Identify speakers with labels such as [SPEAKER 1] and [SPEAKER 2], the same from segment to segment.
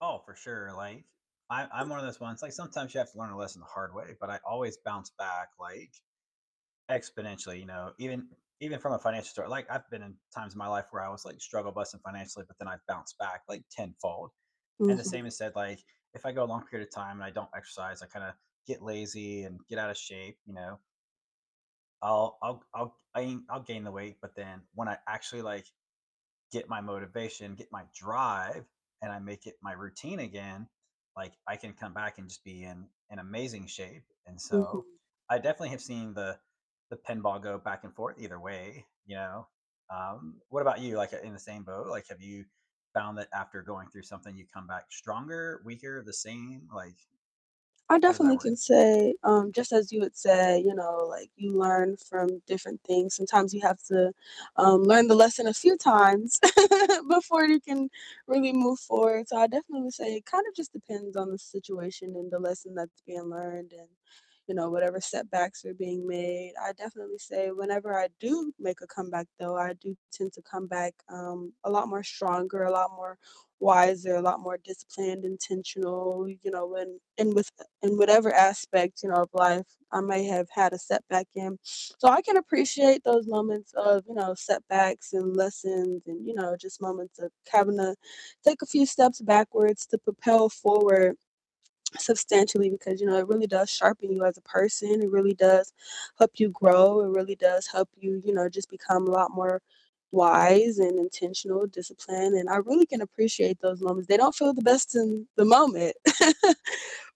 [SPEAKER 1] Oh, for sure. Like, I I'm one of those ones, like, sometimes you have to learn a lesson the hard way, but I always bounce back, like exponentially, you know, even even from a financial story, like, I've been in times in my life where I was, like, struggle busing financially, but then I've bounced back, like, tenfold. And the same
[SPEAKER 2] Mhm.
[SPEAKER 1] is said, like, if I go a long period of time and I don't exercise, I kinda get lazy and get out of shape, you know? I'll I'll I'll I I'll gain the weight, but then when I actually, like, get my motivation, get my drive, and I make it my routine again, like, I can come back and just be in in amazing shape. And so
[SPEAKER 2] Mhm.
[SPEAKER 1] I definitely have seen the the pinball go back and forth either way, you know? Um, what about you? Like, in the same boat? Like, have you found that after going through something you come back stronger, weaker, the same? Like
[SPEAKER 2] I
[SPEAKER 1] How does that
[SPEAKER 2] definitely
[SPEAKER 1] work?
[SPEAKER 2] can say, um, just as you would say, you know, like, you learn from different things. Sometimes you have to, um, learn the lesson a few times before you can really move forward, so I definitely would say it kind of just depends on the situation and the lesson that's being learned and, you know, whatever setbacks are being made. I definitely say whenever I do make a comeback though, I do tend to come back, um, a lot more stronger, a lot more wiser, a lot more disciplined, intentional, you know, when, in with in whatever aspect, you know, of life I may have had a setback in. So, I can appreciate those moments of, you know, setbacks and lessons and, you know, just moments of having to take a few steps backwards to propel forward substantially because, you know, it really does sharpen you as a person, it really does help you grow, it really does help you, you know, just become a lot more wise and intentional, disciplined, and I really can appreciate those moments. They don't feel the best in the moment,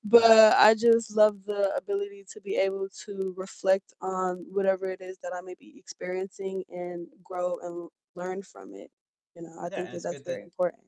[SPEAKER 2] but
[SPEAKER 1] No.
[SPEAKER 2] I just love the ability to be able to reflect on whatever it is that I may be experiencing, and grow, and learn from it. You know, I
[SPEAKER 1] Yeah.
[SPEAKER 2] think
[SPEAKER 1] And
[SPEAKER 2] that
[SPEAKER 1] it's
[SPEAKER 2] that's
[SPEAKER 1] good that
[SPEAKER 2] very important.